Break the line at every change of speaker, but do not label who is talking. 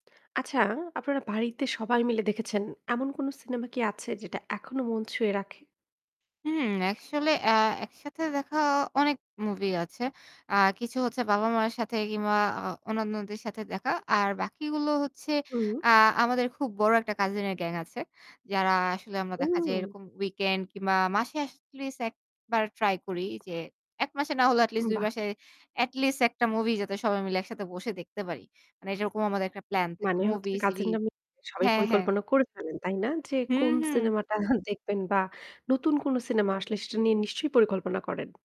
আচ্ছা, আপনারা বাড়িতে সবাই মিলে দেখেছেন, এমন কোনো সিনেমা কি আছে যেটা এখনো মন ছুঁয়ে রাখে?
হুম, আসলে আ একসাথে দেখা অনেক মুভি আছে। আ কিছু হচ্ছে বাবা-মায়ের সাথে কিংবা আ অন্যান্যদের সাথে দেখা। আর বাকিগুলো হচ্ছে
হুম।
আ আমাদের খুব বড় একটা কাজিন এর গ্যাং আছে। যারা আসলে আমরা দেখা যাই
হুম।
এরকম উইকেন্ড কিংবা মাসে এটলিস্ট ১ বার ট্রাই করি যে ১ মাসে না হলেও এটলিস্ট ২
বাহ!
মাসে এটলিস্ট ১ টা মুভি যাতে সবাই মিলে একসাথে বসে দেখতে পারি। মানে এটারকম আমাদের একটা প্লান থাকে।
মানে হচ্ছে
মুভি,
কাজিনরা
সিরিজ
নামে সবাই
হ্যাঁ, হ্যাঁ।
পরিকল্পনা করে ফেলেন, তাই না? যে
হু,
কোন
হু।
সিনেমাটা দেখবেন বা নতুন কোনো সিনেমা আসলে সেটা নিয়ে নিশ্চয়ই পরিকল্পনা করেন?